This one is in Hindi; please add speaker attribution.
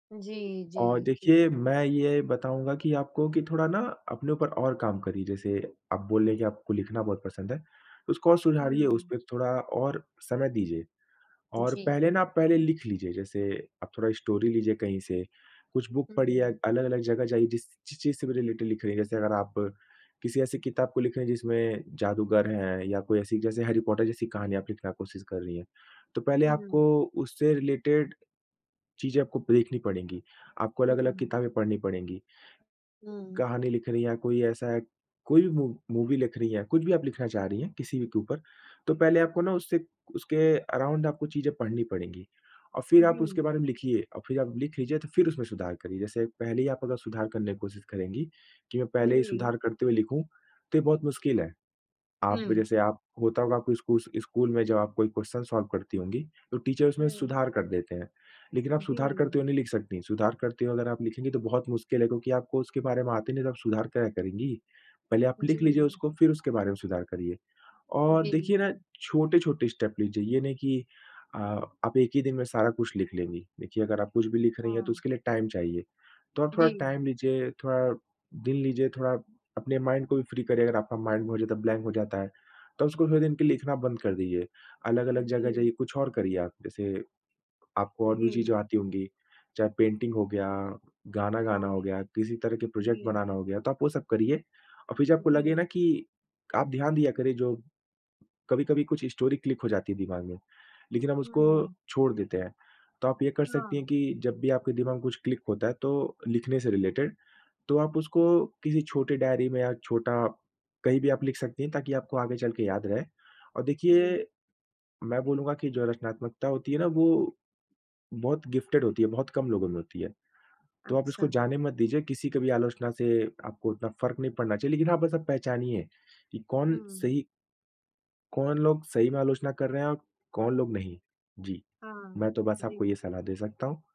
Speaker 1: जी,
Speaker 2: अ,
Speaker 1: जी।
Speaker 2: देखिए,
Speaker 1: बिल्कुल।
Speaker 2: मैं ये बताऊँगा कि आपको कि थोड़ा ना अपने ऊपर और काम करिए जैसे, आप बोल रही हैं कि आपको लिखना बहुत पसंद है। तो उसको और सुधारिए,
Speaker 1: हुँ।
Speaker 2: उसपे थोड़ा और समय दीजिए। और पहले
Speaker 1: जी।
Speaker 2: ना, पहले लिख लीजिए जैसे आप थोड़ा स्टोरी लीजिए कहीं से, कुछ बुक पढ़िए, अ
Speaker 1: हुँ।
Speaker 2: अलग-अलग जगह जाइए जिस ची चीज़ से भी रिलेटेड लिख रही हैं, जैसे अगर आप किसी ऐसी किताब को लिख रही हैं जिसमें जादूगर है या कोई ऐसी जैसे हैरी पॉटर जैसी कहानियाँ आप लिखना कोशिश कर रहीं हैं। तो पहले आपको
Speaker 1: हुँ।
Speaker 2: उससे रिलेटेड, चीज़ें आपको देखनी पड़ेंगी। आपको अलग-अलग
Speaker 1: हुँ।
Speaker 2: किताबें पढ़नी पड़ेंगी।
Speaker 1: हुँ।
Speaker 2: कहानी लिख रही हैं या कोई ऐसा है कोई भी मू मूवी लिख रही हैं, कुछ भी आप लिखना चाह रहीं हैं किसी भी के ऊपर, तो पहले आपको ना उससे उसके अराउंड आपको चीज़ें पढ़नी पड़ेंगी। और फिर आप
Speaker 1: जी।
Speaker 2: उसके बारे में लिखिए और फिर आप लिख लीजिए तो फिर उसमें सुधार करिए। जैसे पहले ही आप अगर सुधार करने की कोशिश करेंगी, कि मैं पहले ही
Speaker 1: वही।
Speaker 2: सुधार करते हुए लिखूँ, तो ये बहुत मुश्किल है। आप
Speaker 1: हुँ।
Speaker 2: जैसे आप होता होगा कोई स्कू स्कूल में जब आप कोई क्वेश्चन सॉल्व करती होंगी, तो टीचर उसमें
Speaker 1: हुँ।
Speaker 2: सुधार कर देते हैं, लेकिन आप सुधार
Speaker 1: जी।
Speaker 2: करते हुए नहीं लिख सकती। सुधार करते हो अगर आप लिखेंगी तो बहुत मुश्किल है क्योंकि आपको उसके बारे में आता ही नहीं तो आप सुधार क्या करेंगी। पहले आप लिख लीजिए
Speaker 1: जी।
Speaker 2: उसको फिर उसके बारे में सुधार करिए। और
Speaker 1: जी,
Speaker 2: देखिए ना,
Speaker 1: जी।
Speaker 2: छोटे-छोटे स्टेप लीजिए, ये नहीं कि अ, आप एक ही दिन में सारा कुछ लिख लेंगी। देखिए अगर आप कुछ भी लिख रही हैं तो
Speaker 1: हाँ।
Speaker 2: उसके लिए टाइम चाहिए, तो आप थोड़ा
Speaker 1: जी।
Speaker 2: टाइम लीजिए, थोड़ा दिन लीजिए, थोड़ा अपने माइंड को भी फ्री करिए अगर आपका माइंड बहुत ज़्यादा ब्लैंक हो जाता है, तो उसको थोड़े दिन के लिए लिखना बंद कर दीजिए। अलग-अलग जगह
Speaker 1: जी।
Speaker 2: जाइए, कुछ और करिए आप, जैसे आपको और भी
Speaker 1: जी।
Speaker 2: चीज़ें आती होंगी। चाहे पेंटिंग हो गया, गाना गाना
Speaker 1: हाँ।
Speaker 2: हो गया, किसी तरह के प्रोजेक्ट
Speaker 1: जी।
Speaker 2: बनाना हो गया, तो आप वो सब करिए। और फिर जब आपको लगे
Speaker 1: जी।
Speaker 2: ना कि आप ध्यान दिया करिए जो कभी-कभी कुछ स्टोरी क्लिक हो जाती है दिमाग में, लेकिन हम उसको
Speaker 1: हुँ।
Speaker 2: छोड़ देते हैं। तो आप ये कर सकती हैं
Speaker 1: हाँ।
Speaker 2: कि जब भी आपके दिमाग में कुछ क्लिक होता है तो लिखने से रिलेटेड, तो आप उसको किसी छोटे डायरी में या छोटा कहीं भी आप लिख सकती हैं, ताकि आपको आगे चल के याद रहे। और
Speaker 1: हुँ।
Speaker 2: देखिए, मैं बोलूँगा कि जो रचनात्मकता होती है ना वो बहुत गिफ़्टेड होती है, बहुत कम लोगों में होती है। तो आप
Speaker 1: अच्छा।
Speaker 2: इसको जाने मत दीजिए, किसी की भी आलोचना से आपको उतना फ़र्क़ नहीं पड़ना चाहिए। लेकिन हाँ बस आप पहचानिए कि कौन
Speaker 1: हुँ।
Speaker 2: सही कौन लोग सही में आलोचना कर रहे हैं और कौन लोग नहीं। जी,
Speaker 1: हाँ।
Speaker 2: मैं तो बस आपको
Speaker 1: जी।
Speaker 2: ये सलाह दे सकता हूँ।